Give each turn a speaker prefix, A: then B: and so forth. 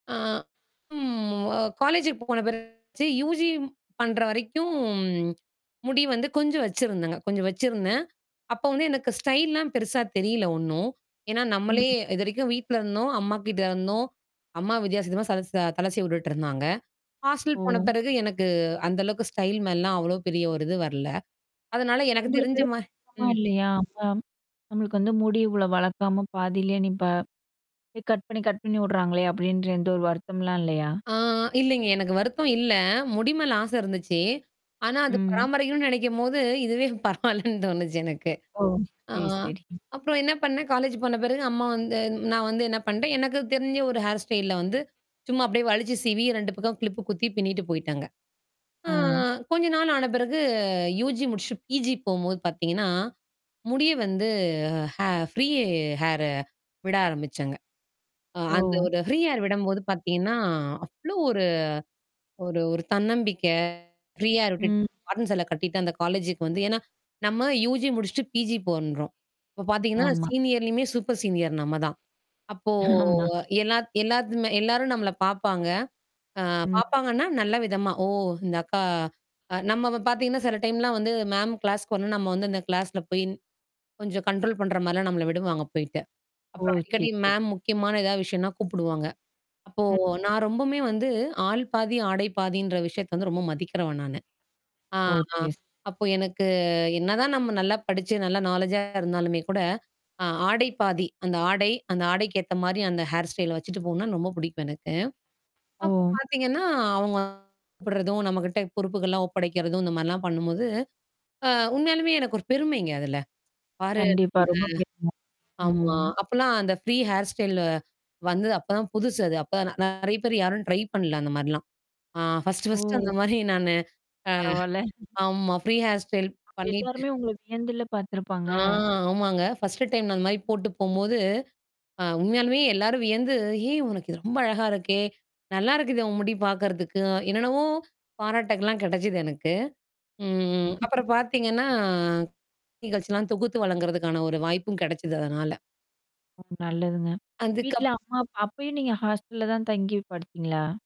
A: ஆ ம். அ காலேஜுக்கு போன பிறகு என்னாச்சு யுஜி பண்ற வரைக்கும், முடி வந்து கொஞ்சம் வச்சிருந்தேங்க. கொஞ்சம் வச்சிருந்தேன். அப்ப வந்து எனக்கு ஸ்டைல்லாம் பெருசா தெரியல ஒன்னும். ஏன்னா நம்மளே
B: ம்.
A: இதுவரைக்கும் வீட்ல இருந்தோம். அம்மா கிட்ட இருந்தோம். அம்மா வித்தியாச வித்தியாசமா சலைச்ச த தலை சீவி வுட்டுட்டு இருந்தாங்க. ஹாஸ்டல் போன
B: ஓ.
A: பிறகு எனக்கு அந்த அளவுக்கு ஸ்டைல் மேலல்லாம் அவ்வளோ பெரிய ஒரு இது வரல. அதனால எனக்கு
B: உங்களுக்கு
A: தெரிஞ்ச மா
B: [unintelligible]
A: ம்.
B: இல்லையா? [unintelligible] "நம்மளுக்கு வந்து முடி இவ்வளோ வளர்க்காம, பாதியிலே நிப்பா கட் பண்ணி கட் பண்ணி வுடுறாங்களே." அப்படீன்ற எந்த ஒரு வருத்தம்ல்லாம் இல்லையா?
A: ஆ, இல்லைங்க, எனக்கு வருத்தம் இல்ல. முடி மேல ஆசை இருந்துச்சு. ஆனா அது
B: ம்.
A: பராமரிக்கணும்ன்னு நெனைக்கும்போது, இதுவே பரவால்லன்னு தோணுச்சு எனக்கு.
B: ஓ.
A: ஆ
B: சரி சரி. ம்.
A: அப்புறம் என்ன பண்ணேன், காலேஜ் போன பிறகு அம்மா வந்து நா வந்து என்ன பண்றேன், எனக்குத் தெரிஞ்ச ஒரு ஹேர் ஸ்டைல்ல வந்து, சும்மா அப்படியே வழுச்சு சீவி 2 பக்கம் கிளிப்பு குத்தி பிண்ணிட்டு போயிட்டேங்க. ஆ
B: அ.
A: கொஞ்ச நாள் ஆன பிறகு யுஜி முடிச்சுட்டு, பிஜி போகும்போது பார்த்தீங்கன்னா, முடிய வந்து ஹே ஃப்ரீ ஹேரு விட ஆரம்பிச்சேங்க. அ அந்த
B: ஓ.
A: ஒரு ஃப்ரீ ஹேர் விடும்போது பார்த்தீங்கன்னா, அவ்வளோ ஒரு ஒரு ஒரு தன்னம்பிக்கை. ஃப்ரீ ஹேர் விட்டுட்டு,
B: ம்.
A: காட்டன் சேலை கட்டிட்டு அந்தக் காலேஜுக்கு வந்து ஏன்னா நம்ம யுஜி முடிச்சுட்டு பிஜி பண்றோம். அப்பப் பார்த்தீங்கன்னா,
B: ஆமா.
A: சீனியர்லயுமே, சூப்பர் சீனியர் நம்ம தான். அப்போ
B: ஆமா.
A: எல்லாத் எல்லாத்துமே எல்லாரும் நம்மளை பார்ப்பாங்க. அ
B: ம்.
A: பார்ப்பாங்கன்னா நல்ல விதமா, "ஓ! இந்த அக்கா" அ நம்மவ பார்த்தீங்கன்னா, சில டைம்லாம் வந்து மேம் கிளாஸ்க்கு வரலன்னா, நம்ம வந்து இந்தக் கிளாஸ்ல போயி கொஞ்சம் கண்ட்ரோல் பண்ற மாரில்லாம் நம்மளை விடுவாங்க போயிட்டு.
B: ஓ.
A: அப்புறம்
B: சரி,
A: அடிக்கடி
B: சரி.
A: மேம் முக்கியமான எதாவது விஷயம்ன்னா கூப்பிடுவாங்க. அப்போ
B: ம்.
A: நா ரொம்பவுமே வந்து, ஆள் பாதி ஆடை பாதின்ற விஷயத்தை வந்து ரொம்ப மதிக்கிறவ நானு. ஆ,
B: ஓ.
A: ஆ
B: [unintelligible]
A: அப்போ எனக்கு என்னதான் நம்ம நல்லா படிச்சு நல்லா நாலேட்ஜா இருந்தாலுமே கூட, அ ஆடை பாதி அந்த ஆடை, அந்த ஆடைக்கு ஏத்த மாரி அந்த ஹேர் ஸ்டைல வச்சுட்டு போகணும்னா ரொம்ப புடிக்கும் எனக்கு. அப்பப்
B: ஓ.
A: பார்த்தீங்கன்னா, அவங்க கூப்பிடறதும், நம்மகிட்ட பொறுப்புகள்லாம் ஒப்படைக்கிறதும் இந்த மாரில்லாம் பண்ணும்போது, அ உண்மையாலுமே எனக்கு ஒரு பெருமைங்க அதுல. பாரு
B: கண்டிப்பா.
A: நம்ம
B: ரொம்ப பெரும.
A: ஆமா.
B: ம்.
A: அப்பல்லாம் அந்த ஃப்ரீ ஹேர் ஸ்டைல்ல வந்து, அப்பதான் புதுசு அது. அப்பதான் நெ நெறைய பேர் யாரும் ட்ரை பண்ணல அந்த மாரில்லாம். அ ஃபர்ஸ்ட்டு ஃபர்ஸ்ட் அந்த
B: ஓ.
A: மாதிரி நானு அ
B: பரவால்லை.
A: ஆமா, ஃப்ரீ ஹேர் ஸ்டைல்
B: அப்ப
A: பண்ணீட்டு
B: எல்லாருமே உங்களை வியந்துல்ல பாத்துருப்பாங்க.
A: ஆ ஆமாங்க. ஃபர்ஸ்ட்டு டைம் நா அந்த மாரி போட்டுப் போகும்போது, அ உண்மையாலுமே எல்லாரும் வியந்து, "ஏய்! உனக்கு இது ரொம்ப அழகா இருக்கே! நல்லா இருக்குது உன் முடி பாக்குறதுக்கு" என்னென்னவோ பாராட்டுகள்லாம் கெடைச்சுது எனக்கு. ம் அப்புறம் பார்த்தீங்கன்னா, நிகழ்ச்சில்லாம் தொகுத்து வழங்குறதுக்கான ஒரு வாய்ப்பும் கெடைச்சுது அதனால.
B: ம். நல்லதுங்க.
A: அதுக்கப்
B: வீட்டுல அம்மா அப்ப அப்பயும் நீங்க ஹாஸ்டல்ல தான் தங்கி படிச்சீங்களா?